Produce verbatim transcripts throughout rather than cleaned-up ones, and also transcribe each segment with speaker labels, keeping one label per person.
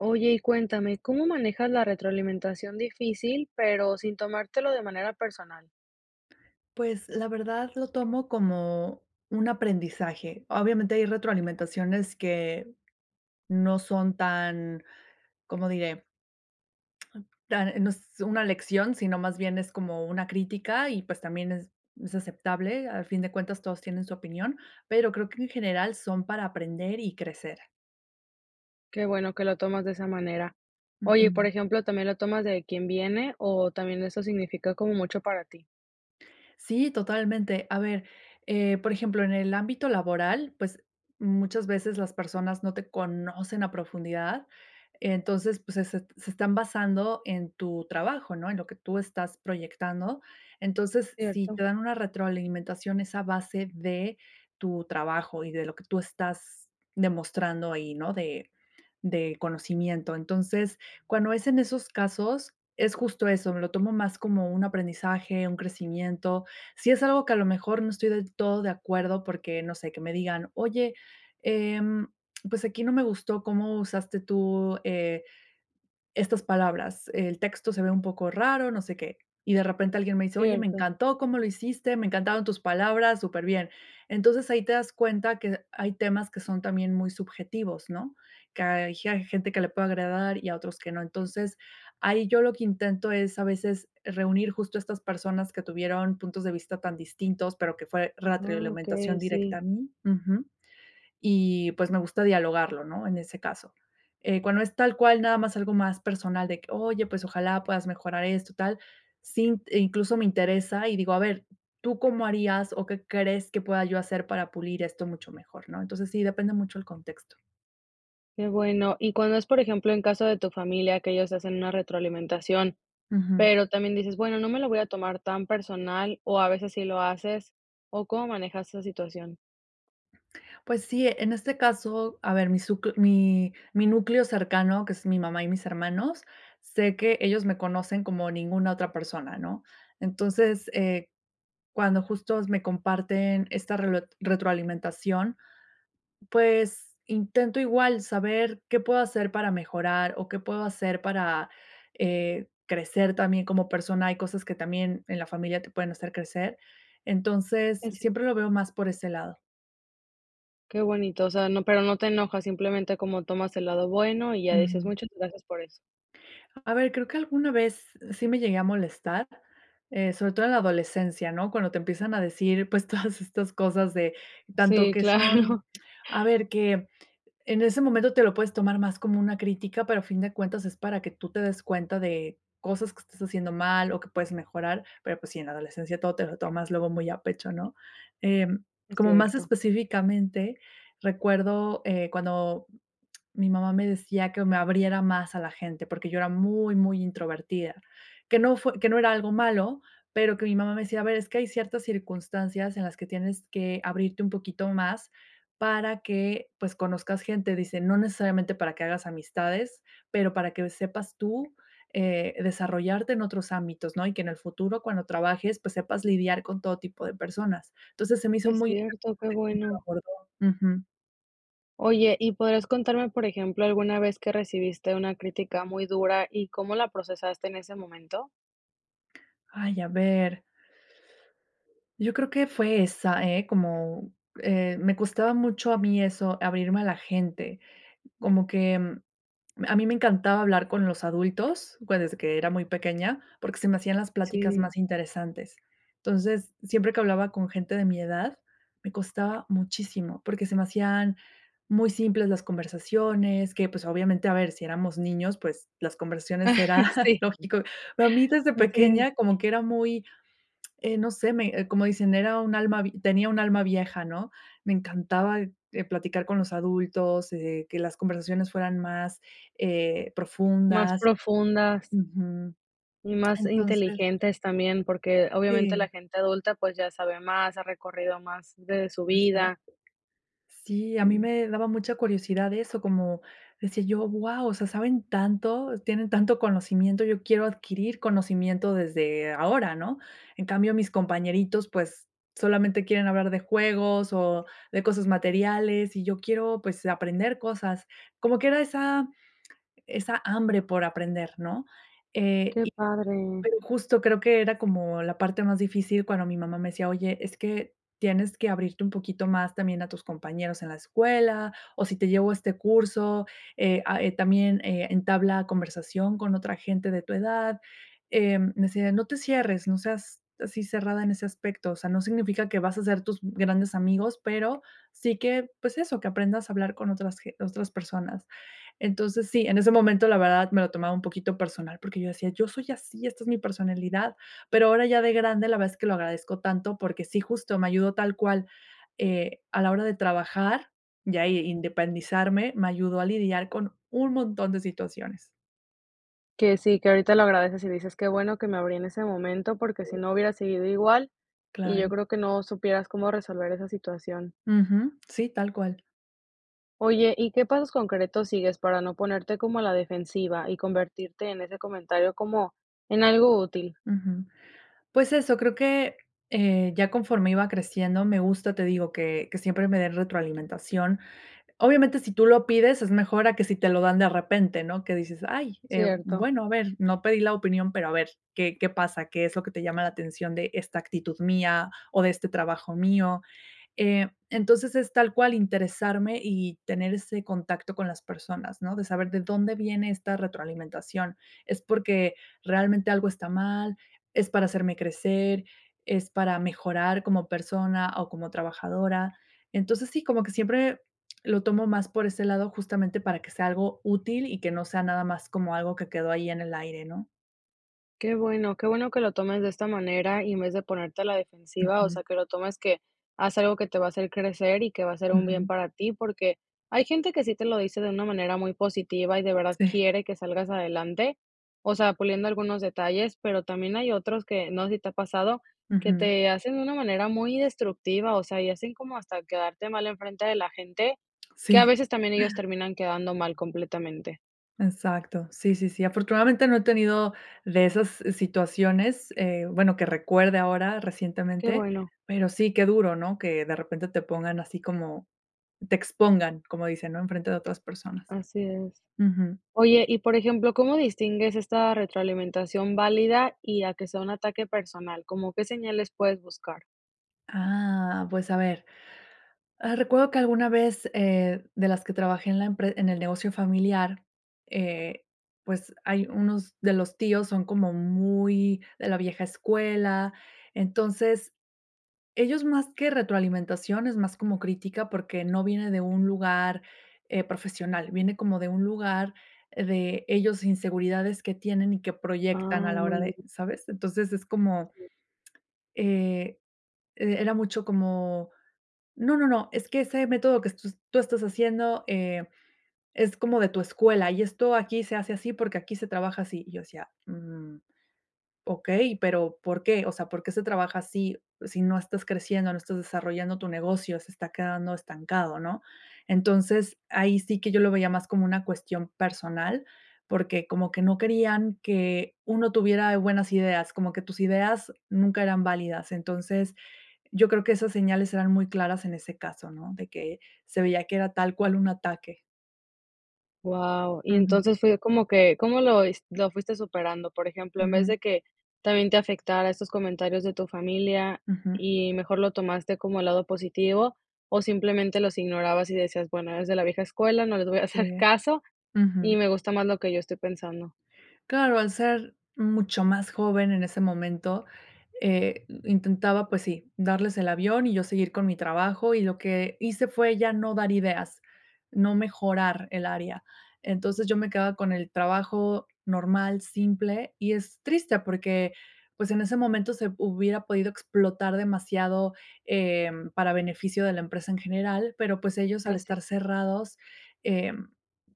Speaker 1: Oye, y cuéntame, ¿cómo manejas la retroalimentación difícil, pero sin tomártelo de manera personal?
Speaker 2: Pues, la verdad lo tomo como un aprendizaje. Obviamente, hay retroalimentaciones que no son tan, ¿cómo diré? Tan, eh, no es una lección, sino más bien es como una crítica, y pues, también es es aceptable. Al fin de cuentas todos tienen su opinión, pero creo que en general son para aprender y crecer.
Speaker 1: Qué bueno que lo tomas de esa manera. Oye, y por
Speaker 2: Ujú.
Speaker 1: ejemplo, ¿también lo tomas de quién viene, o, también eso significa como mucho para ti?
Speaker 2: Sí, totalmente. A ver, eh, por ejemplo, en el ámbito laboral, pues, muchas veces las personas no te conocen a profundidad. Entonces, pues se se t se están basando en tu trabajo, ¿no?, en lo que tú estás proyectando. Entonces, si te
Speaker 1: Cierto.
Speaker 2: dan una retroalimentación es a base de tu trabajo y de lo que tú estás demostrando ahí, ¿no? De de conocimiento, entonces, cuando es en esos casos, es justo eso, me lo tomo más como un aprendizaje, un crecimiento. Si es algo que a lo mejor no estoy del todo de acuerdo, porque no sé, que me digan: "Oye, em, pues aquí no me gustó cómo usaste tú, eh, estas palabras. El texto se ve un poco raro, no sé qué". Y de repente alguien me dice: "Oye, me
Speaker 1: Cierto.
Speaker 2: encantó cómo lo hiciste, me encantaron tus palabras, superbién". Entonces, ahí te das cuenta que hay temas que son también muy subjetivos, ¿no? Que hay ge hay gente que le puede agradar, y a otros que no, entonces, ahí yo lo que intento es a veces reunir justo estas personas que tuvieron puntos de vista tan distintos, pero que fue
Speaker 1: Ah,
Speaker 2: ratrioalimentación
Speaker 1: okey,
Speaker 2: directa
Speaker 1: sí.
Speaker 2: a mí Ujú, y pues, me gusta dialogarlo, ¿no?, en ese caso, eh, cuando es tal cual nada más algo más personal de que: "Oye, pues, ojalá puedas mejorar esto, tal", sí, eh, incluso me interesa y digo: "A ver, ¿tú cómo harías, o qué crees que pueda yo hacer para pulir esto mucho mejor?", ¿no? Entonces, sí, depende mucho el contexto.
Speaker 1: Qué bueno, y cuando es, por ejemplo, en caso de tu familia que ellos hacen una retroalimentación,
Speaker 2: Ujú.
Speaker 1: pero también dices: "Bueno, no me lo voy a tomar tan personal", ¿o a veces sí lo haces? ¿O cómo manejas esa situación?
Speaker 2: Pues sí, eh, en este caso, a ver, mi suc mi mi núcleo cercano, que es mi mamá y mis hermanos. Sé que ellos me conocen como ninguna otra persona, ¿no?, entonces, eh, cuando justos me comparten esta relo retroalimentación, pues, intento igual saber qué puedo hacer para mejorar, o qué puedo hacer para, eh, crecer también como persona, hay cosas que también en la familia te pueden hacer crecer. Entonces,
Speaker 1: Es ci
Speaker 2: siempre lo veo más por ese lado.
Speaker 1: Qué bonito, o sea, no, pero no te enojas, simplemente, como tomas el lado bueno, y ya dices:
Speaker 2: Ujú.
Speaker 1: "Muchas gracias por eso".
Speaker 2: A ver, creo que alguna vez sí me llegué a molestar, eh, sobre todo en la adolescencia, ¿no? Cuando te empiezan a decir, pues, todas estas cosas de, tanto
Speaker 1: Sí,
Speaker 2: que son,
Speaker 1: claro.
Speaker 2: a ver que, en ese momento te lo puedes tomar más como una crítica, pero a fin de cuentas es para que tú te des cuenta de, cosas que estás haciendo mal, o que puedes mejorar. Pero, pues sí, en la adolescencia todo te lo tomas luego muy a pecho, ¿no? Em,
Speaker 1: Es
Speaker 2: como más
Speaker 1: cierto.
Speaker 2: específicamente, recuerdo, eh, cuando mi mamá me decía que me abriera más a la gente, porque yo era muy, muy introvertida, que no fue que no era algo malo, pero que mi mamá me decía: "A ver, es que hay ciertas circunstancias en las que tienes que abrirte un poquito más para que, pues, conozcas gente", dice: "No necesariamente para que hagas amistades, pero para que sepas tú, eh, desarrollarte en otros ámbitos, ¿no? Y que en el futuro cuando trabajes, pues, sepas lidiar con todo tipo de personas", entonces, se me hizo
Speaker 1: Es
Speaker 2: muy
Speaker 1: cierto, qué bueno.
Speaker 2: [unintelligible] ujú.
Speaker 1: Oye, ¿y podrías contarme, por ejemplo, alguna vez que recibiste una crítica muy dura, y cómo la procesaste en ese momento?
Speaker 2: Ay, a ver. Yo creo que fue esa, ¿eh?, como, eh, me costaba mucho a mí eso, abrirme a la gente. Como que, a mí me encantaba hablar con los adultos, pues, desde que era muy pequeña, porque se me hacían las pláticas
Speaker 1: Sí.
Speaker 2: más interesantes. Entonces, siempre que hablaba con gente de mi edad, me costaba muchísimo, porque se me hacían muy simples las conversaciones que, pues, obviamente, a ver, si éramos niños, pues, las conversaciones era
Speaker 1: Sí.
Speaker 2: lógico. Pero a mí desde
Speaker 1: Así es.
Speaker 2: pequeña como que era muy, eh, no sé, me como dicen: "Era un alma vi tenía un alma vieja", ¿no? Me encantaba, eh, platicar con los adultos, eh, que las conversaciones fueran más, eh,
Speaker 1: Más
Speaker 2: profundas.
Speaker 1: profundas.
Speaker 2: Ujú.
Speaker 1: Y más
Speaker 2: Entonces
Speaker 1: inteligentes también, porque obviamente la
Speaker 2: Sí
Speaker 1: gente adulta, pues, ya sabe más, ha recorrido más de su
Speaker 2: Exacto.
Speaker 1: vida.
Speaker 2: Sí, a mí
Speaker 1: Sí.
Speaker 2: me daba mucha curiosidad eso, como decía yo: "Guau, o sea, saben tanto, tienen tanto conocimiento, yo quiero adquirir conocimiento desde ahora", ¿no? En cambio mis compañeritos, pues, solamente quieren hablar de juegos, o de cosas materiales, y yo quiero, pues, aprender cosas, como que era esa esa hambre por aprender, ¿no? Eh,
Speaker 1: Qué
Speaker 2: y
Speaker 1: padre.
Speaker 2: pero justo creo que era como la parte más difícil cuando mi mamá me decía: "Oye, es que tienes que abrirte un poquito más también a tus compañeros en la escuela o si te llevo a este curso. Eh, a, eh, también, eh, entabla conversación con otra gente de tu edad", eh, decía: "No te cierres, no seas así cerrada en ese aspecto, o sea, no significa que vas a hacer tus grandes amigos, pero, sí que, pues eso, que aprendas a hablar con otras ge otras personas". Entonces, sí, en ese momento, la verdad, me lo tomaba un poquito personal, porque yo decía: "Yo soy así, esta es mi personalidad", pero ahora ya de grande, la verdad es que lo agradezco tanto, porque sí justo me ayudó tal cual, eh, a la hora de trabajar, y ahí independizarme, me ayudó a lidiar con un montón de situaciones.
Speaker 1: Que sí, que ahorita lo agradeces, y dices: "Qué bueno que me abrí en ese momento porque si
Speaker 2: Sí.
Speaker 1: no hubiera seguido igual", y yo
Speaker 2: Claro.
Speaker 1: creo que no supieras cómo resolver esa situación.
Speaker 2: Ujú. Sí, tal cual.
Speaker 1: Oye, ¿y qué pasos concretos sigues para no ponerte como a la defensiva y convertirte en ese comentario como en algo útil?
Speaker 2: Ujú. Pues eso, creo que, eh, ya conforme iba creciendo, me gusta, te digo, que que siempre me den retroalimentación. Obviamente, si tú lo pides es mejor a que si te lo dan de repente, ¿no?, que dices: "Ay, eh,
Speaker 1: Cierto.
Speaker 2: bueno, a ver, no pedí la opinión, pero a ver qué qué pasa, qué es lo que te llama la atención de esta actitud mía o de este trabajo mío". Eh, entonces, es tal cual interesarme, y tener ese contacto con las personas, ¿no? De saber de dónde viene esta retroalimentación, es porque realmente algo está mal, es para hacerme crecer, es para mejorar como persona, o como trabajadora. Entonces, sí, como que siempre lo tomo más por ese lado, justamente para que sea algo útil, y que no sea nada más como algo que quedó ahí en el aire, ¿no?
Speaker 1: Qué bueno. Qué bueno que lo tomes de esta manera, y en vez de ponerte a la defensiva, o
Speaker 2: Ujú.
Speaker 1: sea, que lo tomes que haz algo que te va a hacer crecer y que va a ser un bien
Speaker 2: Ujú.
Speaker 1: para ti. Porque hay gente que sí te lo dice de una manera muy positiva, y de verdad
Speaker 2: Sí.
Speaker 1: quiere que salgas adelante, o sea, puliendo algunos detalles, pero también hay otros que, no sé si te ha pasado, que
Speaker 2: Ujú.
Speaker 1: te hacen una manera muy destructiva. O sea, y hacen como hasta quedarte mal en frente de la gente, que a
Speaker 2: Sí.
Speaker 1: veces también ellos terminan quedando mal completamente.
Speaker 2: Exacto, sí, sí, sí. Afortunadamente, no he tenido de esas situaciones, eh, bueno, que recuerde ahora
Speaker 1: Qué
Speaker 2: recientemente.
Speaker 1: bueno.
Speaker 2: Pero sí, qué duro, ¿no?, que de repente te pongan así como te expongan, como dicen, ¿no?, enfrente de otras personas.
Speaker 1: Así es.
Speaker 2: Ujú.
Speaker 1: Oye, y por ejemplo, ¿cómo distingues esta retroalimentación válida, y a que sea un ataque personal? ¿Como qué señales puedes buscar?
Speaker 2: Ah, pues, a ver, ah, recuerdo que alguna vez, eh, de las que trabajé en la empre en el negocio familiar, eh, pues, hay unos de los tíos son como muy de la vieja escuela. Entonces, ellos más que retroalimentación, es más como crítica, porque no viene de un lugar, eh, profesional, viene como de un lugar de ellos, inseguridades que tienen y que
Speaker 1: Ay,
Speaker 2: proyectan a la hora
Speaker 1: muy
Speaker 2: de
Speaker 1: bien.
Speaker 2: ¿sabes? Entonces, es como
Speaker 1: Sí.
Speaker 2: Eh, e era mucho como: "No, no, no, es que ese método que est tus tú estás haciendo, eh, es como de tu escuela, y esto aquí se hace así, porque aquí se trabaja así". Y yo decía: "Mm, okey, pero, ¿por qué? O sea, ¿por qué se trabaja así si no estás creciendo, no estás desarrollando tu negocio, se está quedando estancado?", ¿no? Entonces, ahí sí que yo lo veía más como una cuestión personal, porque como que no querían que uno tuviera buenas ideas, como que tus ideas nunca eran válidas. Entonces, yo creo que esas señales eran muy claras en ese caso, ¿no?, de que se veía que era tal cual un ataque.
Speaker 1: ¡Wao!, y
Speaker 2: Ujú.
Speaker 1: entonces, fue como que, ¿cómo lo es lo fuiste superando?, por ejemplo, en vez
Speaker 2: Ujú.
Speaker 1: de que, también te afectara estos comentarios de tu familia,
Speaker 2: Ujú.
Speaker 1: y mejor lo tomaste como el lado positivo, o simplemente los ignorabas, y decías: "Bueno, eres de la vieja escuela, no les voy a
Speaker 2: Sí.
Speaker 1: hacer caso, y
Speaker 2: Ujú.
Speaker 1: me gusta más lo que yo estoy pensando".
Speaker 2: Claro, al ser mucho más joven en ese momento, eh, intentaba, pues sí, darles el avión, y yo seguir con mi trabajo y lo que hice fue ya no dar ideas, no mejorar el área. Entonces, yo me quedaba con el trabajo normal, simple. Y es triste, porque, pues, en ese momento se hubiera podido explotar demasiado, eh, para beneficio de la empresa en general, pero, pues, ellos al
Speaker 1: Fácil.
Speaker 2: estar cerrados, eh,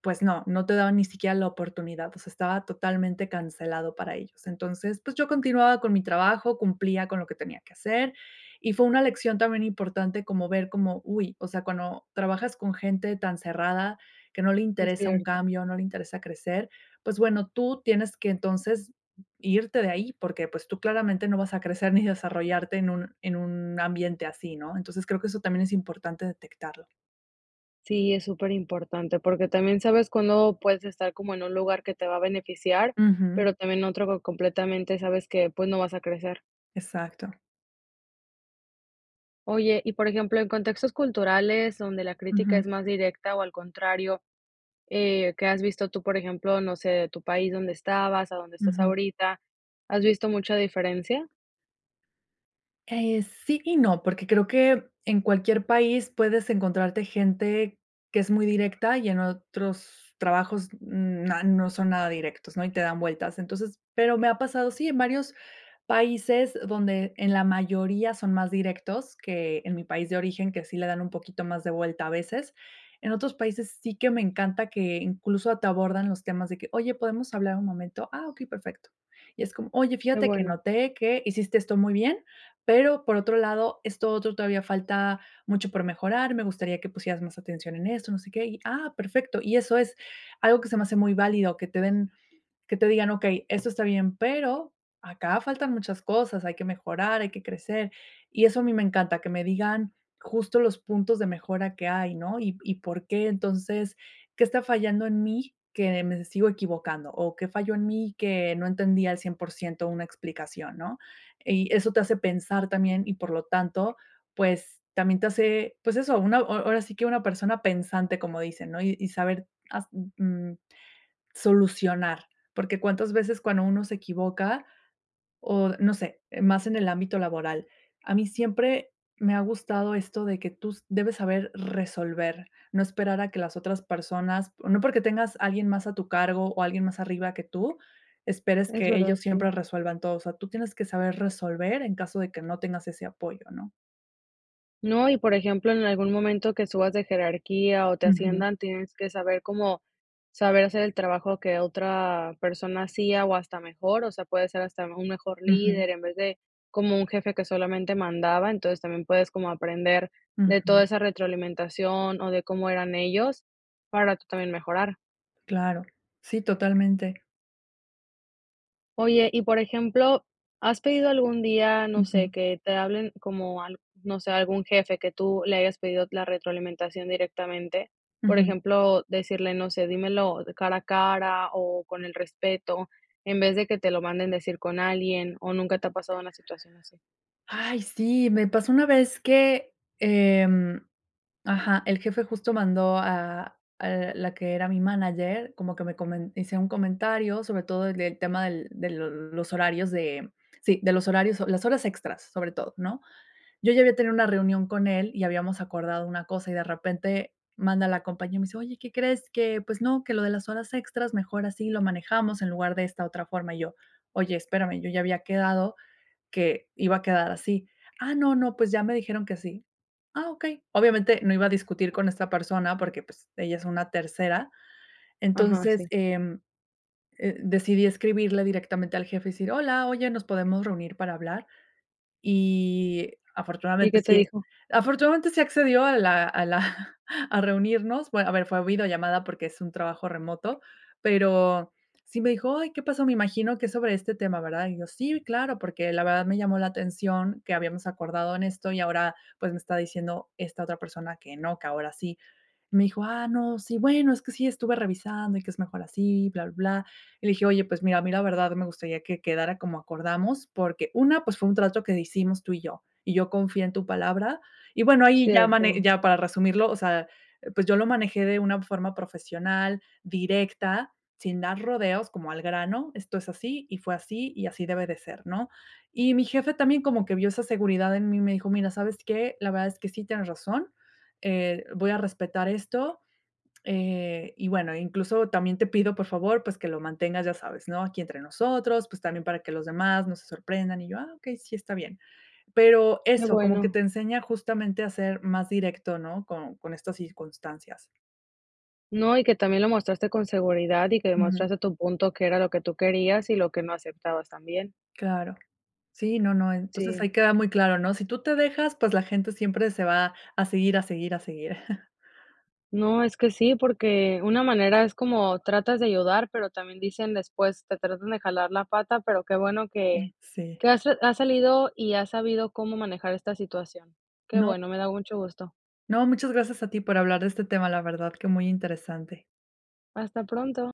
Speaker 2: pues no, no te daban ni siquiera la oportunidad, pues, estaba totalmente cancelado para ellos. Entonces, pues, yo continuaba con mi trabajo, cumplía con lo que tenía que hacer, y fue una lección también importante como ver como, uy, o sea, cuando trabajas con gente tan cerrada que no le
Speaker 1: Es
Speaker 2: interesa un
Speaker 1: cierto.
Speaker 2: cambio, no le interesa crecer. Pues, bueno, tú tienes que entonces, irte de ahí porque, pues, tú claramente no vas a crecer ni desarrollarte en un en un ambiente así, ¿no? Entonces creo que eso también es importante detectarlo.
Speaker 1: Sí, es superimportante, porque también sabes cuándo puedes estar como en un lugar que te va a beneficiar,
Speaker 2: Ujú.
Speaker 1: pero también otro co completamente sabes que, pues, no vas a crecer.
Speaker 2: Exacto.
Speaker 1: Oye, y por ejemplo, en contextos culturales donde la crítica es
Speaker 2: Ujú.
Speaker 1: más directa, o al contrario, eh, que has visto tú, por ejemplo, no sé de tu país donde estabas a donde estás
Speaker 2: Ujú.
Speaker 1: ahorita, ¿has visto mucha diferencia?
Speaker 2: Eh, sí y no, porque creo que en cualquier país puedes encontrarte gente que es muy directa, y en otros trabajos na no son nada directos, ¿no?, y te dan vueltas. Entonces, pero me ha pasado, sí, en varios países donde en la mayoría son más directos, que en mi país de origen, que sí le dan un poquito más de vuelta a veces. En otros países, sí que me encanta que, incluso, te abordan los temas de que: "Oye, ¿podemos hablar un momento?", "Ah, okey, perfecto", y es como: "Oye,
Speaker 1: Qué
Speaker 2: fíjate que
Speaker 1: bueno.
Speaker 2: noté que, hiciste esto muy bien, pero, por otro lado, esto otro todavía falta mucho por mejorar, me gustaría que pusieras más atención en esto", no sé qué y: "Ah perfecto", y eso es, algo que se me hace muy válido, que te den que te digan: "Okey, esto está bien, pero, acá faltan muchas cosas, hay que mejorar, hay que crecer", y eso a mí me encanta, que me digan, justo los puntos de mejora que hay, ¿no? Y y por qué entonces, ¿qué está fallando en mí, que me sigo equivocando? ¿O qué falló en mí que no entendía al cien por ciento una explicación?, ¿no? Y eso te hace pensar también, y por lo tanto, pues, también te hace, pues eso, una ahora sí que, una persona pensante, como dicen, ¿no? Y saber hast mm, mm, solucionar, porque cuántas veces, cuando uno se equivoca o no sé, eh, más en el ámbito laboral. A mí siempre me ha gustado esto de que tú debes saber resolver, no esperar a que las otras personas, no porque tengas alguien más a tu cargo, o alguien más arriba que tú, esperes
Speaker 1: Es
Speaker 2: que
Speaker 1: verdad,
Speaker 2: ellos
Speaker 1: sí.
Speaker 2: siempre resuelvan todo. O sea, tú tienes que saber resolver, en caso de que no tengas ese apoyo, ¿no?
Speaker 1: No, y por ejemplo, en algún momento que subas de jerarquía, o te
Speaker 2: Ujú.
Speaker 1: asciendan, tienes que saber cómo saber hacer el trabajo que otra persona hacía, o, hasta mejor, o sea, puede ser hasta un mejor
Speaker 2: Ujú.
Speaker 1: líder, en vez de como un jefe que solamente mandaba, entonces, también puedes como aprender de toda
Speaker 2: Ujú.
Speaker 1: esa retroalimentación, o de cómo eran ellos para tú también mejorar.
Speaker 2: Claro, sí totalmente.
Speaker 1: Oye, y por ejemplo, ¿has pedido algún día, no
Speaker 2: Ujú.
Speaker 1: sé, que te hablen como al no sé, algún jefe que tú le hayas pedido la retroalimentación directamente?, por
Speaker 2: Ujú.
Speaker 1: ejemplo, decirle, no sé: "Dímelo cara a cara, o con el respeto", en vez de que te lo manden decir con alguien, o nunca te ha pasado una situación así.
Speaker 2: Ay, sí, me pasó una vez que, em, ajá, el jefe justo mandó a a la que era mi manager, como que me comen hice un comentario, sobre todo de tema del de l los horarios de, sí, de los horarios, o las horas extras, sobre todo, ¿no?, yo, ya había tenido una reunión con él y habíamos acordado una cosa, y de repente, manda la compañe y me dice: "Oye, ¿qué crees?, que, pues no, que lo de las horas extras mejor así lo manejamos en lugar de esta otra forma", y yo: "Oye, espérame, yo ya había quedado que iba a quedar así". "Ah, no, no, pues ya me dijeron que así", "Ah, okey". Obviamente, no iba a discutir con esta persona porque, pues, ella es una tercera,
Speaker 1: Ajá,
Speaker 2: entonces,
Speaker 1: sí.
Speaker 2: eh, eh, decidí escribirle directamente al jefe y decir: "Hola, oye, ¿nos podemos reunir para hablar?", y
Speaker 1: ¿Y
Speaker 2: afortunadamente
Speaker 1: qué te
Speaker 2: sí, eh,
Speaker 1: dijo?
Speaker 2: afortunadamente sí accedió a la a la a reunirnos, bueno, a ver, fue videollamada porque es un trabajo remoto, pero, sí me dijo: "Ay, ¿qué pasó?, me imagino que es sobre este tema, ¿verdad?", y yo: "Sí, claro, porque la verdad me llamó la atención que habíamos acordado en esto, y ahora, pues, me está diciendo esta otra persona que no, que ahora así", me dijo: "Ah, no, sí. Bueno, es que sí estuve revisando, y que es mejor así bla, bla, bla", y le dije: "Oye, pues mira, a mí la verdad me gustaría que quedara como acordamos porque, una, pues, fue un trato que hicimos tú y yo. Y yo confié en tu palabra", y bueno, ahí ya mane
Speaker 1: Cierto.
Speaker 2: ya para resumirlo, o sea, pues, yo lo manejé de una forma profesional, directa, sin dar rodeos, como al grano, esto es así, y fue así, y así debe de ser, ¿no?, y mi jefe también como que vio esa seguridad en mí y me dijo: "Mira, ¿sabes qué?, la verdad es que sí tienes razón, eh, voy a respetar esto, eh, y, bueno, incluso también te pido, por favor, pues que lo mantengas, ya sabes, ¿no?, aquí entre nosotros, pues, también para que los demás no se sorprendan", y yo: "Ah, okey, sí, está bien". Pero
Speaker 1: Qué
Speaker 2: eso, como que
Speaker 1: bueno.
Speaker 2: te enseña justamente a ser más directo, ¿no?, con con estas circunstancias.
Speaker 1: No, y que también lo mostraste con seguridad, y que
Speaker 2: Ujú.
Speaker 1: demostraste tu punto que era lo que tú querías, y lo que no aceptabas también.
Speaker 2: Claro. Sí, no, no, entonces,
Speaker 1: Sí.
Speaker 2: ahí queda muy claro, ¿no?, si tú te dejas, pues, la gente siempre se va a seguir, a seguir, a seguir.
Speaker 1: No, es que sí, porque una manera es como tratas de ayudar, pero también dicen después: "Te tratan de jalar la pata", pero qué bueno
Speaker 2: Mm,
Speaker 1: que
Speaker 2: sí.
Speaker 1: que has ha salido, y has sabido cómo manejar esta situación. Qué
Speaker 2: No.
Speaker 1: bueno, me da mucho gusto.
Speaker 2: No, muchas gracias a ti por hablar de este tema, la verdad que muy interesante.
Speaker 1: Hasta pronto.